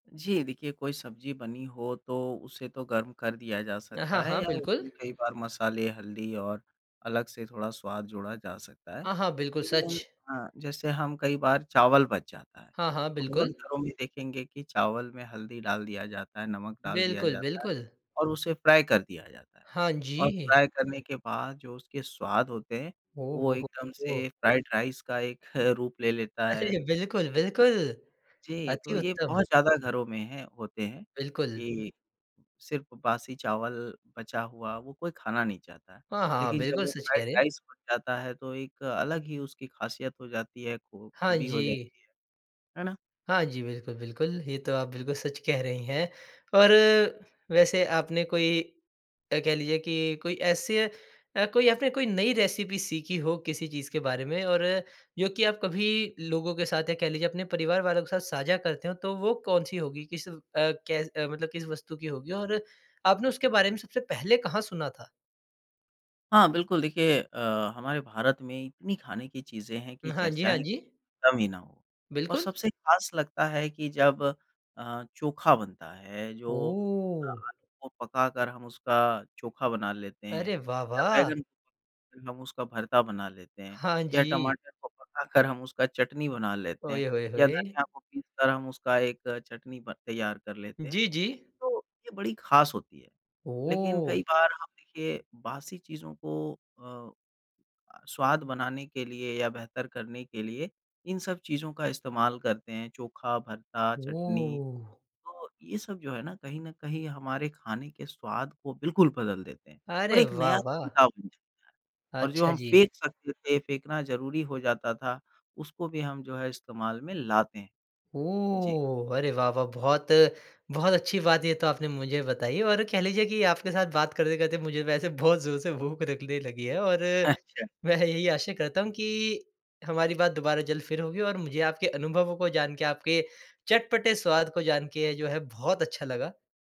जी, देखिए कोई सब्ज़ी बनी हो तो उसे तो गर्म कर दिया जा अ, हाँ, सकता है हाँ, या बिल्कुल। उसमें कई बार मसाले हल्दी और अलग से थोड़ा स्वाद जोड़ा जा सकता है। हाँ, हाँ, बिल्कुल सच। लेकिन अ, जैसे हम कई बार चावल बच जाता है, हाँ, हाँ, तो बहुत बिल्कुल। घरों में देखेंगे कि चावल में हल्दी डाल दिया जाता है, नमक डाल दिया बिल्कुल, जाता है बिल्कुल। और उसे फ्राई कर दिया जाता है। हाँ और जी। फ्राई करने के बाद जो उसके स्वाद होते हैं ओ वो हो, हो, एकदम हो! से फ्राइड राइस का एक रूप ले लेता है। अरे! बिल्कुल, बिल्कुल, जी, अति तो ये उत्तम। बहुत ज़्यादा घरों में हैं होते हैं बिल्कुल। कि, सिर्फ़ बासी चावल बचा हुआ वो कोई खाना नहीं चाहता। हाँ, हाँ, लेकिन जब बिल्कुल वो सच कह फ्राइड रहे हैं। राइस बन जाता है तो एक अलग ही उसकी ख़ासियत हो जाती है खू हाँ खूबी हो जी। जाती है, है ना? हाँ जी, बिल्कुल, बिल्कुल। ये तो आप बिल्कुल सच कह रहें हैं। और वैसे आपने कोई अ, कह लीजिए कि कोई ऐसे अ, कोई आपने कोई नई रेसिपी सीखी हो किसी चीज़ के बारे में और जो कि आप कभी लोगों के साथ या कह लीजिए अपने परिवार वालों के साथ साझा करते हों तो वो कौन-सी होगी? किस अ, कै मतलब किस वस्तु की होगी? और आपने उसके बारे में सबसे पहले कहाँ सुना था? हाँ, बिल्कुल देखिए अ, हमारे भारत में इतनी खाने की चीज़ें हैं कि उम, हाँ जी, हाँ चर्चाएँ जी। कम ही ना हो। और बिल्कुल। सबसे ख़ास लगता है कि जब अ, चोखा बनता है, जो ओह! आलू को पका कर हम उसका चोखा बना लेते हैं अरे वाह, या वाह! बैंगन को पका कर हम उसका भरता बना लेते हैं, हाँ या जी। टमाटर को पका कर हम उसका चटनी बना लेते हैं, ओये होये या होये! धनिया को पीस कर हम उसका एक चटनी बन तैयार कर लेते हैं। जी, जी। तो ये बड़ी ख़ास होती है लेकिन कई ओह! बार हम देखिए बासी चीज़ों को अ, स्वाद बनाने के लिए या बेहतर करने के लिए इन सब चीज़ों का इस्तेमाल करते हैं चोखा, भरता, चटनी ओह! तो ये सब जो है ना कहीं न कहीं हमारे खाने के स्वाद को बिल्कुल बदल देते हैं, और अरे एक वाह, नया वाह! तरीका बन जाता है। और जो अच्छा हम जी। फेंक सकते थे फेंकना ज़रूरी हो जाता था उसको भी हम जो है इस्तेमाल में लाते हैं। जी। ओह! अरे वाह, वाह! बहुत बहुत अच्छी बात है ये तो आपने मुझे बताई। और कह लीजिए कि आपके साथ बात करते-करते मुझे वैसे बहुत जोर से भूख लगने लगी है और, अच्छा। मैं यही आशा करता हूँ, कि हमारी बात दोबारा जल्द फिर होगी और मुझे आपके अनुभवों को जान के आपके चटपटे स्वाद को जान के जो है बहुत अच्छा लगा।